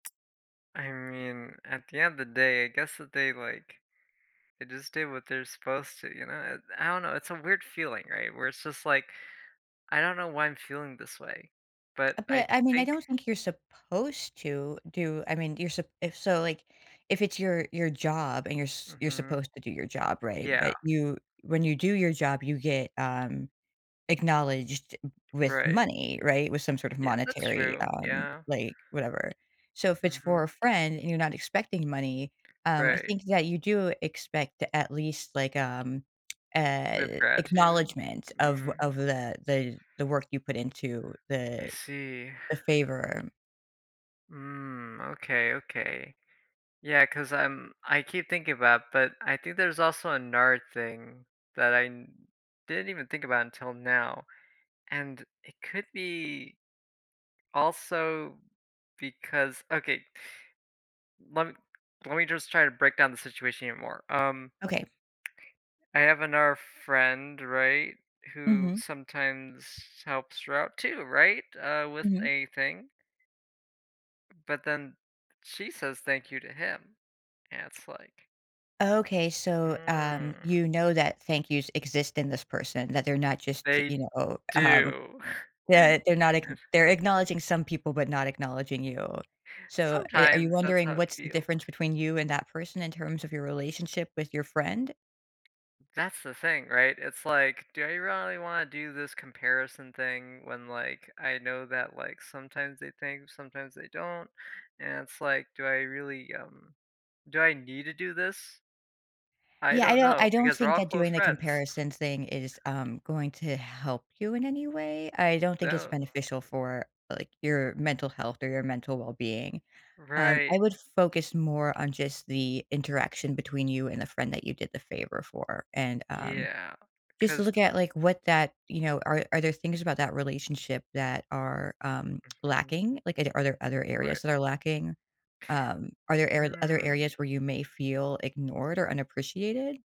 I mean, at the end of the day, I guess that they, like, they just did what they're supposed to, you know? Eh, I don't know, it's a weird feeling, right? Where it's just, like, "I don't know why I'm feeling this way, but, Uh, I but, I mean, I think" don't think you're supposed to do I mean, you're sup if so, like, if it's your your job, and you're s you're Mhm. supposed to do your job, right? Yeah. But, you when you do your job, you get, um, acknowledged with Right. money, right? With some sort of Yeah, that's monetary, true, um, yeah. like, whatever. So, if it's for a Mhm. friend and you're not expecting money, um, I Right. think that you do expect, at least, like, um, Sort of eh, uh, gratitude? acknowledgement of Mm. of the the the work you put into I the see. the favor. Mm, okay, okay, yeah, 'cause I'm I keep thinking about, but I think there's also another thing that I n didn't even think about until now, and it could be also, because okay lemm lemme just try to break down the situation here more, um Okay. I have another friend, right? Who Mhm. sometimes helps her out, too, right? Uh, with Mhm. a thing. But, then she says "Thank you" to him, and it's like Okay, so, um, Mm. you know that "thank yous" exist in this person, that they're not just, They you know, um, do. they they're not ackn If they're acknowledging some people, but not acknowledging you. So, i are you Sometimes that's wondering how it what's the feels. difference between you and that person, in terms of your relationship with your friend? That's the thing, right? It's like, do I really wanna do this comparison thing when, like, I know that, like, sometimes they thank, sometimes they don't? And, it's like, do I really, um, do I need to do this? I Yeah, I don't do I know, don't because we're think all that close doing the friends. comparison thing is, um, going to help you in any way? I don't think it's No. beneficial for, like, your mental health or your mental well-being. Um, I Right. would focus more on, just, the interaction between you and the friend that you did the favor for, and, um, Yeah, just to 'cause look at, like, what that, you know, are are there things about that relationship that are, um, Mhm. lacking? Like, is there are there other areas Right. that are lacking? Um, are there ar other Mm. areas where you may feel ignored or unappreciated?